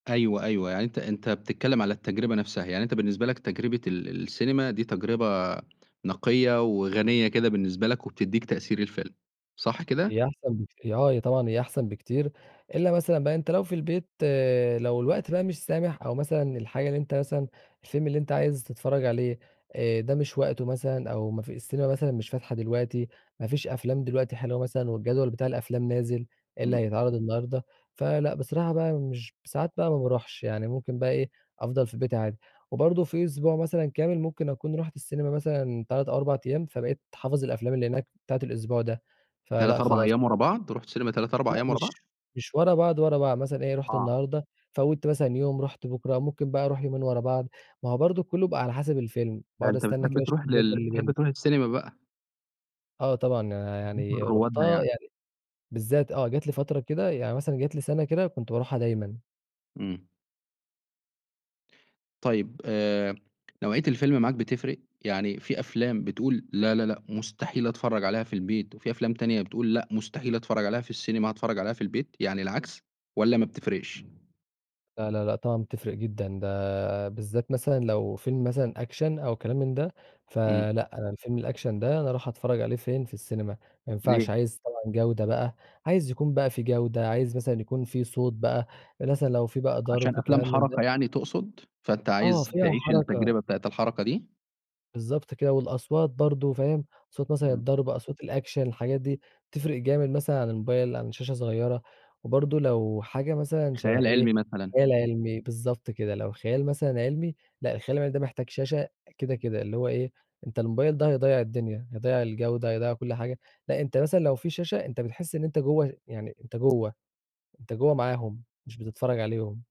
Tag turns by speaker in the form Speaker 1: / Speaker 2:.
Speaker 1: أيوه، أيوه يعني أنت أنت بتتكلّم على التجربة نفْسها، يعني أنت بالنسبة لك تجربة ال السينما، دي تجربة نقية وغنية كده بالنسبة لك، وبتدّيك تأثير الفيلم، صح
Speaker 2: هي
Speaker 1: كده؟
Speaker 2: احسن بكت آه طبعًا هي احسن بكتير، إلا مثلًا بقى أنت لو في البيت لو الوقت بقى مش سامح، أو مثلًا الحاجة اللي أنت مثلًا، الفيلم اللي أنت عايز تتفرّج عليه آآ ده مش وقته مثلًا، أو ما في السينما مثلًا مش فاتحة دلوقتي، ما فيش أفلام دلوقتي حلوة مثلًا والجدول بتاع الأفلام نازل، إيه اللي
Speaker 1: إمم.
Speaker 2: هيتعرض النهارده، فلأ بصراحة بقى مش ساعات بقى ما باروحش، يعني ممكن بقى إيه، أفضل في بيتي عادي، وبرضه في أسبوع مثلًا كامل ممكن أكون رُحت السينما مثلًا 3، 4 أيام، فبقيت حافظ الأفلام اللي هناك بتاعة الأسبوع ده، فلأ
Speaker 1: 3، 4
Speaker 2: خلاص
Speaker 1: أيام ورا بعض، رُحت سينما 3، 4
Speaker 2: لأ
Speaker 1: أيام ورا
Speaker 2: مش
Speaker 1: بعض؟
Speaker 2: مش ورا بعض، ورا بعض، مثلًا إيه رُحت
Speaker 1: آه.
Speaker 2: النهارده فوّتّ مثلًا يوم، رُحت بُكرة ممكن بقى أروح يومين ورا بعض، ما هو برضه كلّه بقى على حسب الفيلم،
Speaker 1: ده
Speaker 2: باقعد
Speaker 1: أنت
Speaker 2: أستنى
Speaker 1: بتحب
Speaker 2: كده أشوف
Speaker 1: تروح
Speaker 2: الجدول
Speaker 1: لل
Speaker 2: اللي
Speaker 1: بتحب
Speaker 2: بينزل.
Speaker 1: تروح السينما بقى.
Speaker 2: آه طبعًا آآ،
Speaker 1: بقيت من
Speaker 2: يعني
Speaker 1: روادها
Speaker 2: رُحتها
Speaker 1: يعني.
Speaker 2: يعني بالذات آه جات لي فترة كده، يعني مثلًا جات لي سنة كده، كنت باروحها دايمًا.
Speaker 1: إمم. طيب آآ، نوعية الفيلم معاك بتفرِق؟ يعني في أفلام بتقول لا، لا، لأ، مستحيل أتفرّج عليها في البيت، وفي أفلام تانية بتقول لأ مستحيل أتفرّج عليها في السينما هاتفرّج عليها في البيت، يعني العكس، والّا ما بتفرقش؟
Speaker 2: لا، لا، لأ، طبعًا بتفرِق جدًا، ده بالذات مثلًا لو فيلم مثلًا Action أو كلام من ده،
Speaker 1: إمم.
Speaker 2: فلأ أنا الفيلم الAction ده أنا اروح أتفرّج عليه فين، في السينما، ما ينفعش
Speaker 1: ليه؟
Speaker 2: عايز طبعًا جودة بقى، عايز يكون بقى في جودة، عايز مثلًا يكون في صوت بقى مثلًا لو في بقى
Speaker 1: عشان
Speaker 2: ضرب
Speaker 1: أفلام
Speaker 2: كلام من ده
Speaker 1: حَرَكة يعني تقصد؟ فأنت
Speaker 2: آه
Speaker 1: عايز
Speaker 2: فيها
Speaker 1: تعيش
Speaker 2: حَرَكة.
Speaker 1: التجربة بتاعة الحَرَكة دي؟
Speaker 2: بالضبط كده والأصوات برضه فاهم؟ صوت مثلًا
Speaker 1: إمم.
Speaker 2: الضرب أصوات الAction الحاجات دي تفرِق جامد مثلًا عن الموبايل عن شاشة صغيّرة، وبرضه لو حاجة مثلًا شبه
Speaker 1: خيال
Speaker 2: إيه،
Speaker 1: علمي مثلًا.
Speaker 2: خيال علمي بالضبط كده، لو خيال مثلًا علمي، لأ الخيال العلمي ده محتاج شاشة كده، كده، اللي هو إيه أنت الموبايل ده هيضيّع الدنيا، هيضيّع الجودة هيضيّع كلّ حاجة، لأ أنت مثلًا لو في شاشة أنت بتحس إن أنت جوّه يعني أنت جوّه، انت جوّه معاهم، مش بتتفرّج عليهم.